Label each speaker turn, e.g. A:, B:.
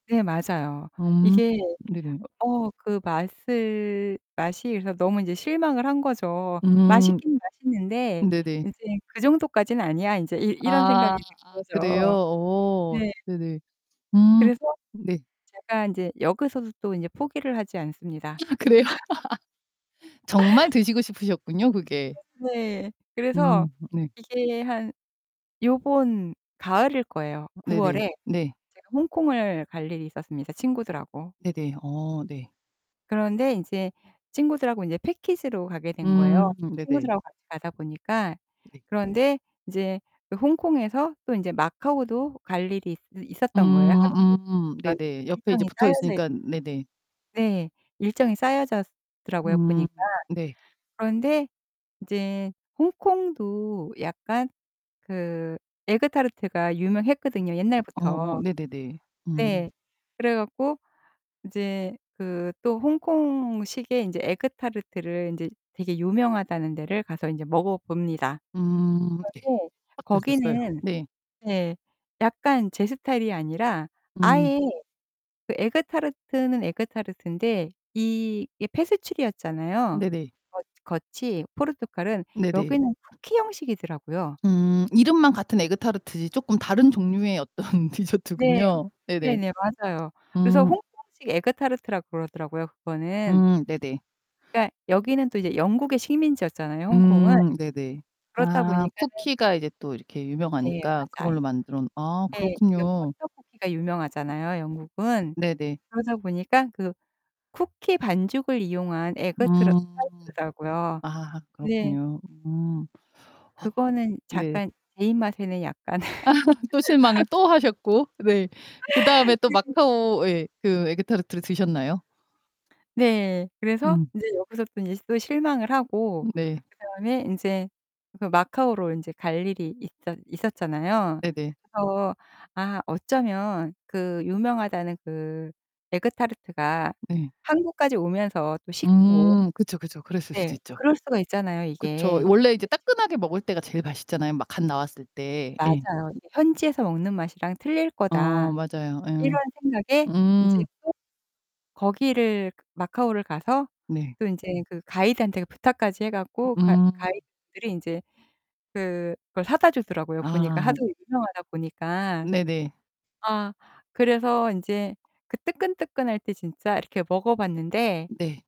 A: 네, 맞아요.
B: 음.
A: 이게
B: 네네.
A: 어 그 맛을 맛이 그래서 너무 실망을 한 거죠.
B: 음.
A: 맛있긴 맛있는데
B: 네네.
A: 이제 그 정도까지는 아니야. 이제 이 이런
B: 아.
A: 생각이
B: 아 그래요?
A: 든거죠.
B: 어
A: 네.
B: 네네. 음.
A: 그래서
B: 네.
A: 제가 이제 여기서도 또 이제 포기를 하지 않습니다.
B: 아 그래요? 정말 드시고 싶으셨군요, 그게.
A: 네네. 그래서
B: 음 네.
A: 이게 한 요번 가을일 거예요. 9월에
B: 네네. 네.
A: 제가 홍콩을 갈 일이 있었습니다, 친구들하고.
B: 네네. 어 네.
A: 그런데 이제 친구들하고 이제 패키지로 가게 된 거예요.
B: 음. 네네.
A: 친구들하고 같이 가다 보니까.
B: 네.
A: 그런데 이제 그 홍콩에서 또 이제 마카오도 갈 일이 있 있었던 거예요. 하루
B: 음
A: [unintelligible]
B: 음.
A: 그런
B: 네네. 옆에 이제
A: 일정이
B: 붙어
A: 짜여져
B: 있으니까. 네네.
A: 네. 일정이 짜여졌더라고요,
B: 음
A: 보니까.
B: 네.
A: 그런데 이제 홍콩도 약간 그 에그 타르트가 유명했거든요,
B: 어.
A: 옛날부터.
B: 네네네. 음.
A: 네. 그래 갖고 이제 그 또 홍콩식의 이제 에그 타르트를 이제 되게 유명하다는 데를 가서 이제 먹어봅니다.
B: 음. 네.
A: 그런데
B: 어떠셨어요?
A: 거기는
B: 네.
A: 예 약간 제 스타일이 아니라
B: 음.
A: 아예 그 에그 타르트는 에그 타르트인데 이 이게 페스츄리였잖아요,
B: 네네.
A: 거 겉이 포르투갈은.
B: 네네.
A: 여기는 쿠키 형식이더라고요.
B: 음. 이름만 같은 에그 타르트지, 조금 다른 종류의 어떤
A: 네.
B: 디저트군요. 네네.
A: 네네. 맞아요. 그래서
B: 음.
A: 홍콩식 에그 타르트라고 그러더라고요, 그거는.
B: 음 네네.
A: 그러니까 여기는 또 이제 영국의 식민지였잖아요, 홍콩은.
B: 음, 네네.
A: 그렇다
B: 아
A: 보니까는
B: 쿠키가 이제 또 이렇게
A: 네
B: 유명하니까
A: 맞아요.
B: 그걸로 만들어 놓 아
A: 네. 이게
B: 그렇군요.
A: 버터 쿠키가 유명하잖아요, 영국은.
B: 네네.
A: 그러다 보니까 그 쿠키 반죽을 이용한
B: 음.
A: 에그 트라 타르트라고요.
B: 아
A: 네.
B: 그렇군요. 음. 아.
A: 그거는
B: 네.
A: 약간 제 입맛에는 약간.
B: 또 실망을 또 하셨고 네. 그다음에 또 마카오 예 그 에그 타르트를 드셨나요?
A: 네. 그래서
B: 음.
A: 이제 여기서 또 이제 또 실망을 하고
B: 음 네.
A: 그다음에 이제 그 마카오로 이제 갈 일이 있었 있었잖아요.
B: 네네.
A: 그래서 아 어쩌면 그 유명하다는 그 에그 타르트가
B: 네.
A: 항구까지 오면서 또 식고
B: 음. 그쵸, 그쵸. 그랬을 수도
A: 네
B: 있죠.
A: 그럴 수가 있잖아요,
B: 그쵸.
A: 이게.
B: 원래 이제
A: [unintelligible]
B: 따끈하게 먹을 때가 제일 맛있잖아요, 막 갓 나왔을 때. 네.
A: 맞아요. '현지에서 먹는 맛이랑 틀릴
B: 아.
A: 거다.'
B: 맞아요. 예.
A: 이런 생각에 이제
B: 음.
A: 또 거기를 마카오를 가서
B: 네.
A: 또 이제 그 가이드한테 부탁까지 해 갖고 가
B: 음.
A: 가이드분들이 이제 그걸 사다 주더라고요, 보니까.
B: 아.
A: 하도 유명하다 보니까.
B: 네네.
A: 아. 그래서 인제 그 뜨끈뜨끈할 때 진짜 이렇게 먹어봤는데.
B: 네.